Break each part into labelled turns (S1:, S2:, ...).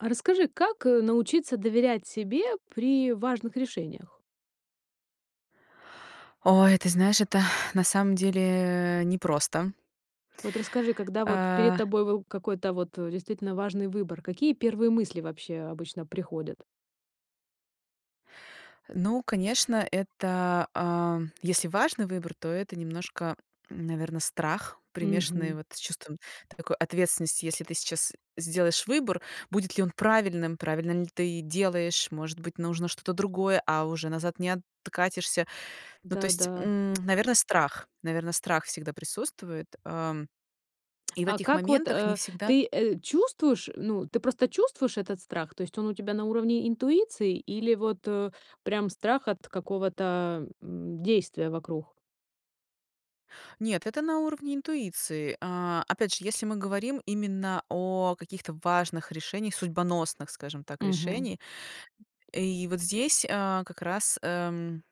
S1: А расскажи, как, э, научиться доверять себе при важных решениях?
S2: Ой, ты знаешь, это на самом деле, э, непросто.
S1: Вот расскажи, когда вот перед
S2: А.
S1: тобой выл какой-то вот действительно важный выбор, какие первые мысли вообще обычно приходят?
S2: Ну, конечно, это, а, если важный выбор, то это немножко, наверно, страх, примешанный
S1: Мгм.
S2: вот с чувством такой ответственности. Если ты сейчас сделаешь выбор, будет ли он правильным, правильно ли ты делаешь, может быть, нужно что-то другое, а уже назад не откатишься. Ну, то есть,
S1: Да-да.
S2: м, наверно, страх. Наверно, страх всегда присутствует. Ам, и в
S1: А
S2: этих
S1: как вот,
S2: моментах не
S1: э,
S2: всегда
S1: ты, э, чувствуешь, ну ты просто чувствуешь этот страх, то есть он у тебя на уровне интуиции или вот, э, прям страх от какого-то, м, действия вокруг?
S2: Нет, это на уровне интуиции. А, опять же, если мы говорим именно о каких-то важных решениях судьбоносных, скажем так,
S1: Мгм.
S2: решений. И вот здесь, а, как раз, эм,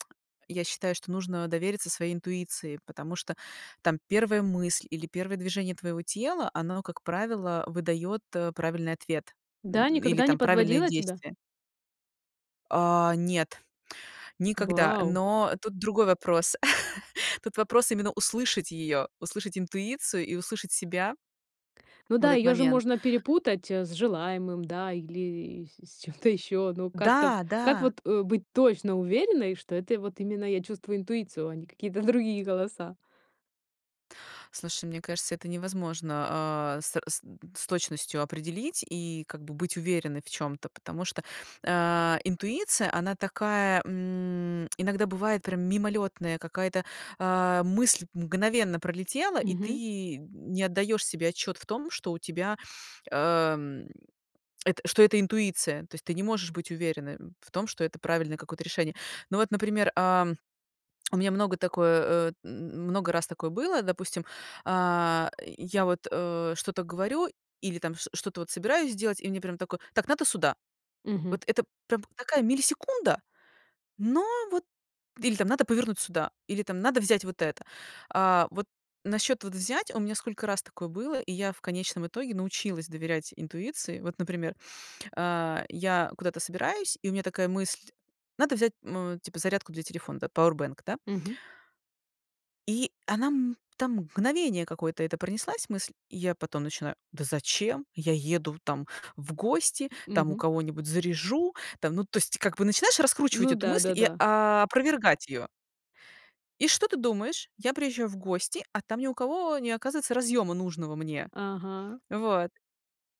S2: я считаю, что нужно довериться своей интуиции, потому что там первая мысль или первое движение твоего тела оно, как правило, выдает, э, правильный ответ,
S1: Да,
S2: м, м, или
S1: никогда не
S2: там правильные
S1: подводила тебя?
S2: действия. А, нет. Никогда.
S1: Вау.
S2: Но тут другой вопрос. Тут вопрос именно услышать её, услышать интуицию и услышать себя
S1: Ну
S2: в
S1: да,
S2: этот
S1: её же
S2: момент.
S1: можно перепутать, э, с желаемым, да, или, э, с чем-то ещё. Но как-то в
S2: Да,
S1: как
S2: да.
S1: вот, э, быть точно уверенной, что это и, вот, именно я чувствую интуицию, а не какие-то другие голоса?
S2: Слушай, мне кажется это невозможно, а, с с э, с точностью определить и как бы быть уверенной в чём-то. Потому что, э, интуиция, она такая, м, иногда бывает прям мимолётная, какая-то, а, мысль мгновенно пролетела, и
S1: Мгм.
S2: ты не отдаёшь себе отчёт в том, что у тебя, эм, это, что это интуиция. То есть, ты не можешь быть уверенным в том, что это правильное какое-то решение. Ну вот, например, а, у меня много такое, э, м много раз такое было, допустим, а, я вот, э, что-то говорю или, там, шт что-то, вот, собираюсь сделать и мне прям такое: "Так надо сюда".
S1: Мгм.
S2: Вот, это прям, такая миллисекунда, но вот. Или, там, надо повернуть сюда или, там, надо взять вот это. А, вот, на счёт, вот, взять. У меня сколько раз такое было, и я в конечном итоге научилась доверять интуиции. Вот, например, а, я куда-то собираюсь, и у меня такая мысль: "Надо взять", м, э, типа "зарядку для телефона", да, "пауэбанк", да.
S1: Мгм.
S2: И она, м, там, мгновение какое-то это, пронеслась мысль. И я потом начинаю: "Да зачем? Я еду, там, в гости, там у
S1: Мгм.
S2: кого-нибудь заряжу", там. Ну, то есть, как бы начинаешь раскручивать
S1: Ну
S2: эту мысль и
S1: да-да-да.
S2: опровергать её. И что ты думаешь? Я приезжаю в гости, а там ни у кого не оказывается разъёма нужного мне.
S1: Ага.
S2: Вот.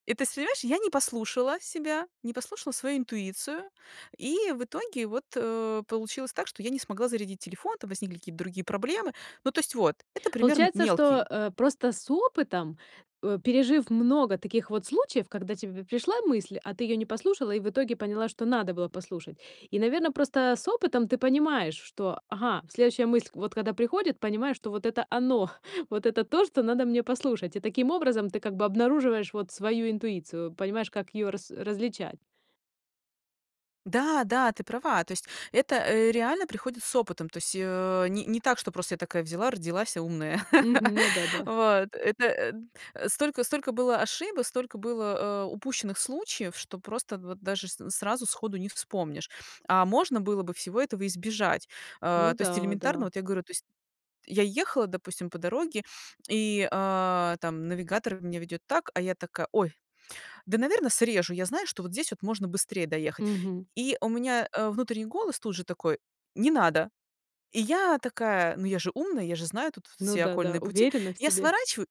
S2: И, то есть, понимаешь, я не послушала себя. Не послушала свою интуицию. И в итоге вот, э, получилось так, что я не смогла зарядить телефон. Там возникли какие-то другие проблемы. Ну, то есть, вот. Это пример м
S1: Получается, что,
S2: мелкий.
S1: э, просто с опытом, э, пережив много таких вот случаев, когда тебе пришла мысль, а ты её не послушала и в итоге поняла, что надо было послушать. И, наверно, просто с опытом ты понимаешь, что, ага, следующая мысль, вот, когда приходит, понимаешь, что вот это оно. Вот это то, что надо мне послушать. И таким образом ты, как бы, обнаруживаешь, вот, свою интуицию, понимаешь, как её рас различать.
S2: Да, да, ты права! То есть это, э, реально приходит с опытом. То есть её, э, ни не так, что просто я такая взяла, родилась и умная.
S1: Мгм. Ну да, да.
S2: Вот это эн э, столько столько было ошибок, столько было, а, упущенных случаев, что просто вот даже с сразу сходу не вспомнишь. А можно было бы всего этого избежать.
S1: Ну
S2: А, то есть
S1: да,
S2: элементарно,
S1: да.
S2: вот я говорю, то есть я ехала, допустим, по дороге и, а, там навигатор меня ведёт так, а я такая: "Ой, да, наверно, срежу". Я знаю, что вот здесь вот можно быстрее доехать,
S1: Мгм.
S2: и у меня, а, внутренний голос тут же такой: "Не надо". И я такая: "Но я же умная". Я же знаю тут
S1: Ну
S2: все
S1: да, да,
S2: окольные пути,
S1: уверена в
S2: я
S1: себе.
S2: сворачиваю,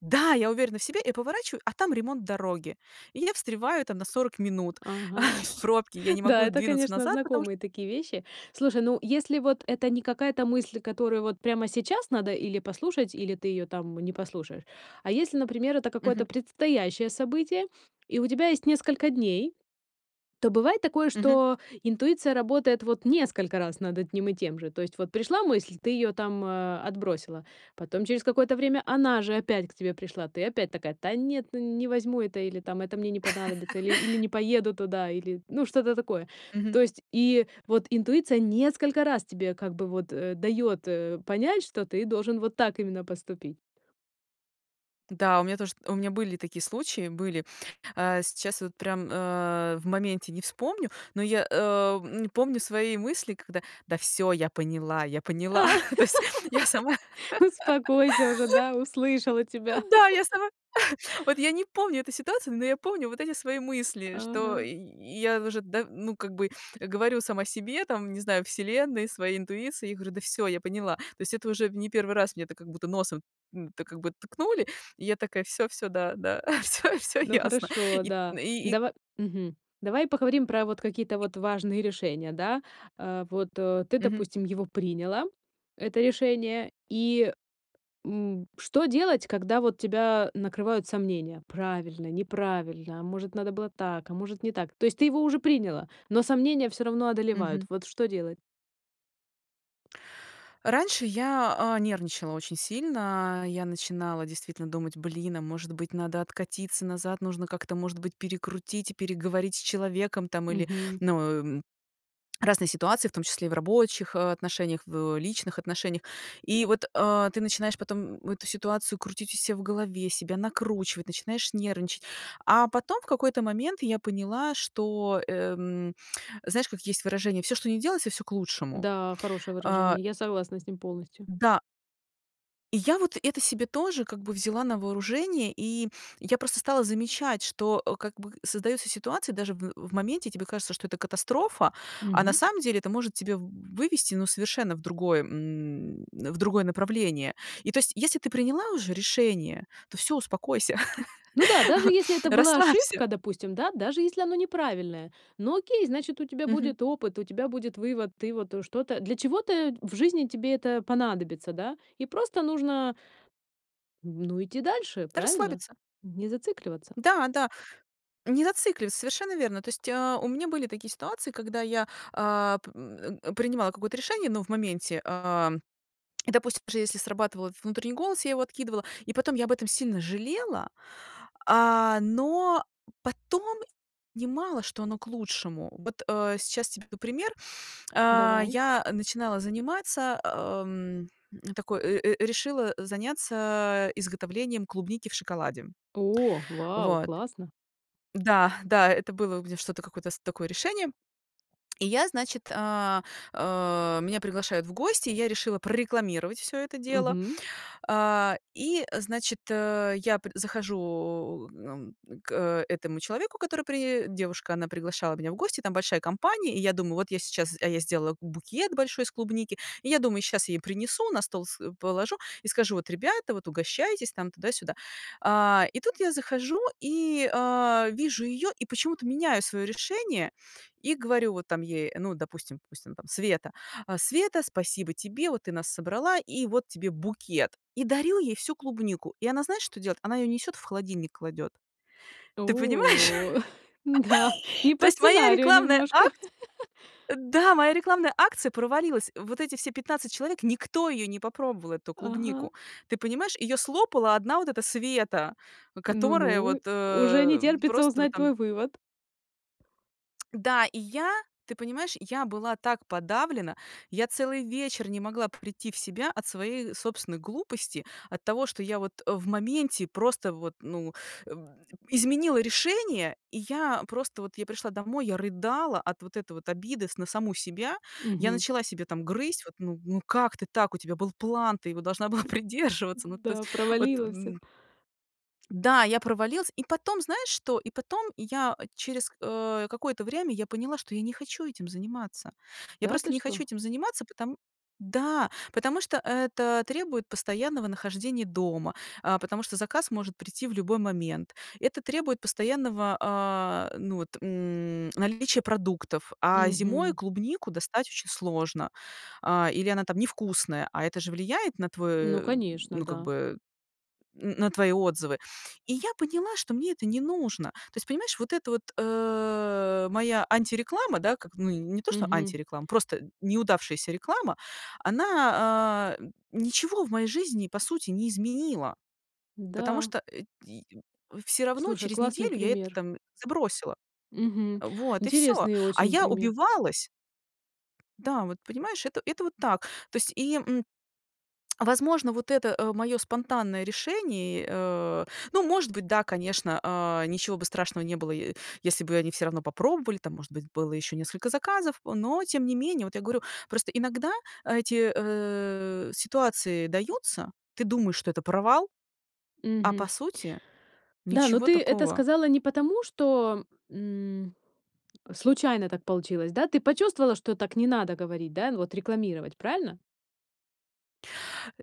S2: да, я уверена в себе и поворачиваю, а там ремонт дороги. И я встреваю там на 40 минут,
S1: Ага.
S2: а, в пробке. Я не
S1: Да,
S2: могу
S1: это,
S2: двинуться
S1: конечно,
S2: назад, потому что
S1: знакомые такие вещи. Слушай, ну, если вот это не какая-то мысль, которую вот прямо сейчас надо или послушать, или ты её там не послушаешь, а если, например, это
S2: Мгм.
S1: какое-то предстоящее событие, и у тебя есть несколько дней, то бывает такое,
S2: Мгм.
S1: что интуиция работает вот несколько раз над одним и тем же. То есть вот пришла мысль, ты её там, а, отбросила, потом через какое-то время она же опять к тебе пришла, ты опять такая: "Та нет, ну, не возьму это". Или там: "Это мне не понадобится". Или или: "Не поеду туда". Или, ну, что-то такое.
S2: Мгм.
S1: То есть и вот интуиция несколько раз тебе как бы вот, э, дает, э, понять, что ты должен вот так именно поступить.
S2: Да, у меня тож у меня были такие случаи были. Э, сейчас вот прям, а, в моменте не вспомню, но я, э, м, помню свои мысли, когда: да, всё, я поняла я поняла, то есть я сама.
S1: Успокойся уже, да, услышала
S2: А,
S1: тебя.
S2: да, я сама. Вот я не помню эту ситуацию, но я помню вот эти свои мысли, что
S1: Ага.
S2: я уже, да, ну как бы говорю сама себе, там, не знаю, вселенной, своей интуиции, я говорю: "Да всё, я поняла". То есть это уже не в 1 раз мне это как будто носом, м, так как бы ткнули, и я такая: "Всё, всё, да, да, всё, всё
S1: Ну
S2: ясно".
S1: хорошо,
S2: Ит
S1: да.
S2: и
S1: Дава мгм, давай поговорим про вот какие-то
S2: И.
S1: вот важные решения, да. А, вот, э, ты,
S2: Мгм.
S1: допустим, его приняла, это решение, и, м, что делать, когда вот тебя накрывают сомнения? Правильно, неправильно? А может, надо было так, а может, не так. То есть ты его уже приняла, но сомнения всё равно одолевают.
S2: Мгм.
S1: Вот что делать?
S2: Раньше я, а, нервничала очень сильно. Я начинала действительно думать: "Блин, а может быть надо откатиться назад. Нужно как-то может быть перекрутить и переговорить с человеком, там". Или
S1: Мгм.
S2: ну, м, разные ситуации в том числе и в рабочих отношениях, в личных отношениях. И вот, а, ты начинаешь потом эту ситуацию крутить у ся в голове, себя накручивать, начинаешь нервничать, а потом в какой-то момент я поняла, что, эм, знаешь, как есть выражение: "Всё, что ни делается всё к лучшему".
S1: Да, хорошее
S2: А
S1: выражение. Я согласна с ним полностью.
S2: Да. И я вот это себе тоже как бы взяла на вооружение, и я просто стала замечать, что, э, как бы создается ситуация, даже в в моменте тебе кажется, что это катастрофа, а на
S1: Мгм.
S2: самом деле это может тебе в вывести, ну, совершенно в другое, м, в другое направление. И то есть, если ты приняла уже решение, то всё успокойся,
S1: Ну да, даже если это была
S2: расслабься.
S1: ошибка, допустим, да, даже если оно неправильное, ну, окей, значит у тебя
S2: Мгм.
S1: будет опыт, у тебя будет вывод, ты вот что-то для чего-то в жизни тебе это понадобится, да? И просто нужно ну, идти дальше, правильно?
S2: Расслабиться.
S1: Не зацикливаться.
S2: Да, да. Не зацикливаться, совершенно верно. То есть, а, у меня были такие ситуации, когда я, а, п м, принимала какое-то решение, ну, в моменте, а, и допустим, даже если срабатывал этот внутренний голос, я его откидывала и потом я об этом сильно жалела, а, но потом понимала что оно к лучшему. Вот, э, сейчас тебе п пример. А,
S1: Давай.
S2: я начинала заниматься, ам, такой, э, э, решила, э, заняться изготовлением клубники в шоколаде.
S1: О! Вау,
S2: Вот.
S1: классно!
S2: Да, да, это было у меня что-то какое-то с такое решение. И я значит а, а, меня приглашают в гости, и я решила прорекламировать всё это дело.
S1: Мгм.
S2: А, и значит, я пр захожу м м, к этому человеку, который при девушка, она приглашала меня в гости, там большая компания. И я думаю, вот я сейчас, а я сделала б букет большой из клубники, и я думаю, щас я ей принесу, на стол с положу и скажу: "Bот, ребята, вот угощайтесь". Tам, туда-сюда. А, и тут я захожу и а, вижу её, и почему-то меняю своё решение, и говорю вот там ей, ну, допустим допустим, Света: "А, Света, спасибо тебе, вот ты нас собрала, и вот тебе букет". И дарю ей всю клубнику. И она знаешь, что делает? Она её несёт в холодильник кладёт. Ты понимаешь?
S1: О! Да, не
S2: То
S1: по
S2: есть моя
S1: сценарию
S2: рекламная
S1: немножко.
S2: акц да, моя рекламная акция провалилась! Вот эти все 15 человек, никто её не попробовал, эту
S1: Ага.
S2: клубнику. Ты понимаешь, её слопала одна вот эта Света, которая вот,
S1: Ну-ну, уже не
S2: э,
S1: терпится
S2: просто вот
S1: узнать
S2: там
S1: твой вывод.
S2: Да, и я, ты понимаешь, я была так подавлена, я целый вечер не могла прийти в себя от своей собственной глупости. От того, что я вот, э, в моменте просто вот, ну, м, изменила решение, и я просто вот я пришла домой, я рыдала от вот этой вот обиды с на саму себя. Я
S1: Мгм.
S2: начала себя там грызть. Вот, ну ну, как ты так? У тебя был план, ты его должна была придерживаться. Ну, то есть
S1: Да,
S2: вот,
S1: провалила всё.
S2: м. Да, я провалилась и потом, знаешь что? И потом я через, э, какое-то время я поняла, что я не хочу этим заниматься. Я
S1: Да,
S2: просто
S1: ты
S2: не хочу
S1: что?
S2: этим заниматься, потом Да! Потому что это требует постоянного нахождения дома, a потому что заказ может прийти в любой момент, это требует постоянного, а, ну, вот, м, наличия продуктов. А зимой
S1: Мгм.
S2: клубнику достать очень сложно, а, или она там невкусная, а, это же влияет на твой
S1: Ну
S2: э,
S1: конечно,
S2: ну, как
S1: да.
S2: бы, н на твои отзывы. И я поняла, что мне это не нужно. То есть понимаешь, вот это вот, э, моя антиреклама, да, как ну, не то, что
S1: Мгм.
S2: антиреклама, просто н неудавшаяся реклама. Она а, н ничего в моей жизни по сути не изменила. Потому
S1: Да.
S2: что, э, й всё равно
S1: Слушай,
S2: через
S1: классный
S2: неделю я это
S1: пример.
S2: там забросила.
S1: Мгм.
S2: Вот и всё,
S1: Интересный
S2: а
S1: очень
S2: я
S1: пример.
S2: убивалась. Да, вот, понимаешь, это это вот так, то есть, и, м, возможно, вот это, э, моё спонтанное решение, э Ну, может быть, да, конечно, а, ничего бы страшного не было, е если бы они всё равно попробовали. Там, может быть, было ещё несколько заказов. Но тем не менее, вот я говорю, просто иногда эти, э, ситуации даются, ты думаешь, что это провал, а по
S1: Мгм.
S2: сути
S1: Да, но
S2: ничего
S1: ты это
S2: такого.
S1: сказала не потому, что, м, случайно так получилось, да? Ты почувствовала, что так не надо говорить, да, вот рекламировать, правильно?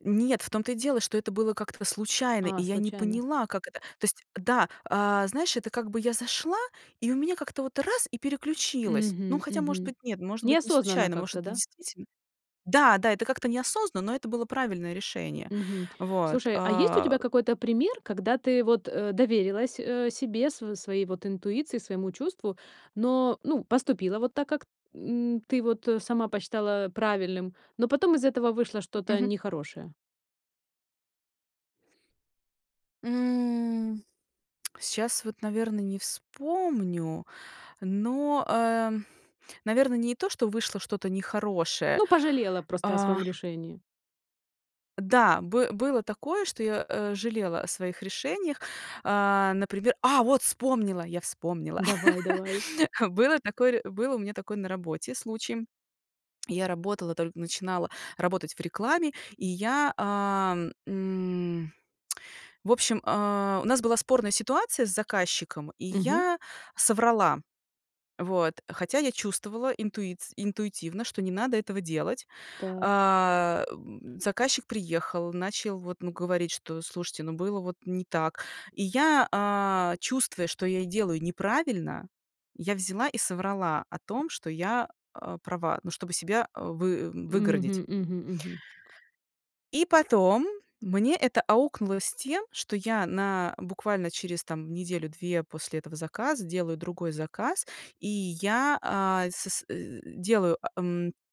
S2: Нет в том то и дело, что это было как-то в случайно, и
S1: А,
S2: я не
S1: случайно.
S2: поняла, как это. То есть, да, а, знаешь, это как бы я зашла и у меня как-то вот раз и переключилось. Ну,
S1: Мгм
S2: хотя может
S1: мгм.
S2: быть нет может быть не
S1: Неосознанно
S2: случайно может
S1: как-то,
S2: это
S1: да?
S2: действительно Да-да, это как-то неосознанно, но это было правильное решение.
S1: Мгм.
S2: Вот,
S1: Слушай, а есть у
S2: а
S1: тебя какой-то пример, когда ты вот, э, доверилась, э, себе, с своей вот интуиции, своему чувству, но ну, поступила вот так, как н ты вот, э, сама посчитала правильным, но потом из этого вышло что-то
S2: Мгм.
S1: нехорошее?
S2: М, сейчас вот, наверно, не вспомню, но, э, наверно, не то, что вышло что-то нехорошее,
S1: Ну, пожалела просто о
S2: а
S1: своем решении.
S2: Да, бы было такое, что я, а, жалела о своих решениях, а, например. А, вот вспомнила, я вспомнила!
S1: Давай, давай.
S2: Было такое ре был у меня такой на работе случай. Я работала, только начинала работать в рекламе, и я, а, м, в общем, а, у нас была спорная ситуация с заказчиком, и
S1: Мгм.
S2: я соврала. Вот. Хотя я чувствовала интуиц интуитивно, что не надо этого делать.
S1: Так.
S2: А, заказчик приехал, начал вот, ну, говорить, что: "Слушайте, ну, было вот не так". И я, а, чувствуя, что я и делаю неправильно, я взяла и соврала о том, что я, а, права, ну, чтобы себя, а, вы выгородить.
S1: Мгм, мгм, мгм.
S2: И потом, мне это аукнулось тем, что я на буквально через, там, неделю-две после этого заказа, делаю другой заказ, и я, а, со св э, делаю, а, м.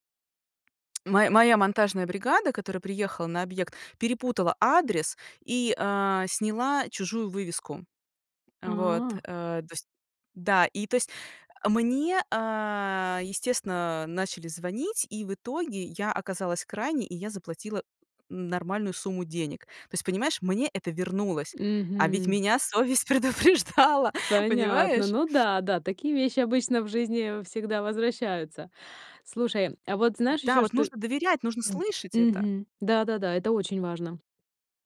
S2: Моя моя монтажная бригада, которая приехала на объект, перепутала адрес и, а, сняла чужую вывеску. Вот,
S1: А.
S2: а, то есть. Да, и, то есть. Мне, а, естественно, начали звонить, и в итоге я оказалась крайней, и я заплатила нормальную сумму денег. То есть, понимаешь, мне это вернулось. А ведь
S1: Мгм.
S2: меня совесть предупреждала!
S1: Понятно,
S2: Понимаешь?
S1: ну да, да, такие вещи обычно в жизни всегда возвращаются. Слушай, а, вот, знаешь
S2: Да,
S1: ещё
S2: вот
S1: что
S2: нужно доверять, нужно слышать
S1: М,
S2: это.
S1: мгм, да-да-да, это очень важно.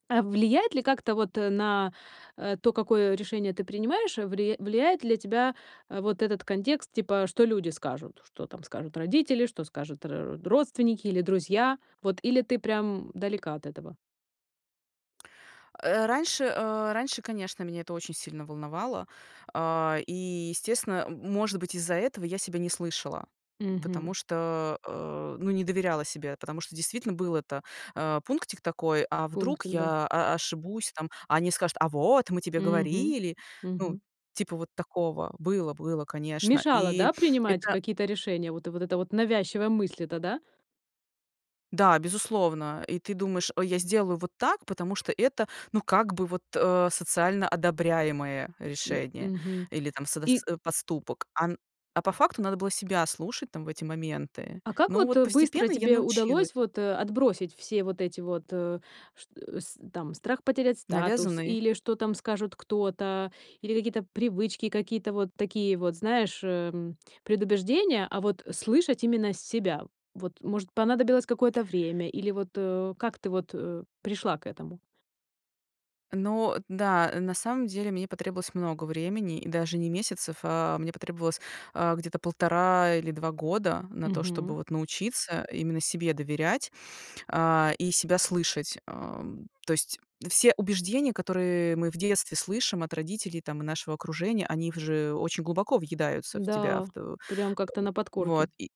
S1: А влияет ли как-то вот, э, на, э, то, какое решение ты принимаешь, вли влияет ли тебя, а, вот этот контекст, типа, что люди скажут? Что там скажут родители? Что скажут ро родственники или друзья? Вот. Или ты прям далека от этого?
S2: Э, раньше, а, раньше, конечно, меня это очень сильно волновало. А, и естественно, м может быть, из-за этого я себя не слышала. Потому
S1: Мгм.
S2: что, а, ну, не доверяла себе, потому что действительно был это, а, пунктик такой, а вдруг
S1: Пунктик, да.
S2: я о ошибусь, там, а они скажут: "А вот, мы тебе
S1: Мгм,
S2: говорили!" Ну,
S1: мгм.
S2: типа вот такого. Было, было, конечно.
S1: Мешала,
S2: И
S1: да, принимать
S2: это
S1: какие-то решения, вот вот эта вот навязчивая мысль эта, да?
S2: Да, безусловно, и ты думаешь: "Ой, я сделаю вот так, потому что это, ну, как бы вот, а, социально одобряемое
S1: М.
S2: решение,
S1: Мгм.
S2: или там содас
S1: И
S2: э, поступок." А н а по факту надо было себя слушать там в эти моменты.
S1: А как
S2: Ну
S1: вот,
S2: вот
S1: э, быстро
S2: постепенно я
S1: тебе удалось
S2: научилась.
S1: вот, э, отбросить все вот эти вот, э, чт с там, страх потерять статус,
S2: Навязанные.
S1: или что там скажет кто-то, или какие-то привычки, какие-то вот такие вот, знаешь, э, предубеждения, а вот слышать именно с себя? Вот может, понадобилось какое-то время или вот, э, как ты вот, э, пришла к этому?
S2: Но да, на самом деле мне потребовалось много времени, и даже не месяцев. А мне потребовалось, а, где-то 1,5 или 2 года на то, чтобы
S1: Мгм.
S2: вот научиться именно себе доверять, а, и себя слышать. Ам, то есть все убеждения, которые мы в детстве слышим от родителей там и нашего окружения, они в же очень глубоко въедаются в тебя,
S1: Да,
S2: в т э,
S1: прям как-то на
S2: вот.
S1: подкорке.
S2: И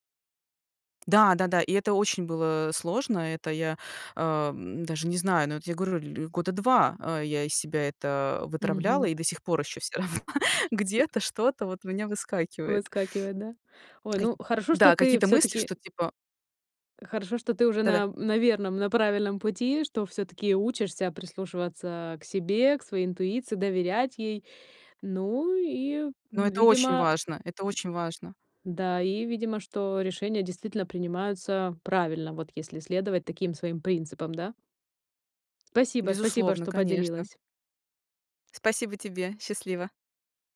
S2: Да да-да, и это очень было сложно, это я, а, даже не знаю, ну, вот я говорю, ль года 2, а, я из себя это вытравляла,
S1: Мгм.
S2: и до сих пор еще всё равно где-то что-то вот у меня выскакивает.
S1: Выскакивает, да? Ой,
S2: Кай
S1: ну хорошо, что
S2: да,
S1: ты
S2: какие-то мысли,
S1: всё-таки
S2: что типа
S1: Хорошо, что ты уже
S2: Да-да.
S1: на на верном, на правильном пути. Что всё-таки учишься прислушиваться к себе, к своей интуиции, доверять ей. Ну и
S2: Но это очень
S1: видимо
S2: важно. Это очень важно.
S1: Да, и видимо, что решения действительно принимаются правильно, вот если следовать таким своим принципам, да? Спасибо, спасибо,
S2: Безусловно,
S1: что
S2: конечно!
S1: поделилась.
S2: Спасибо тебе! Счастливо!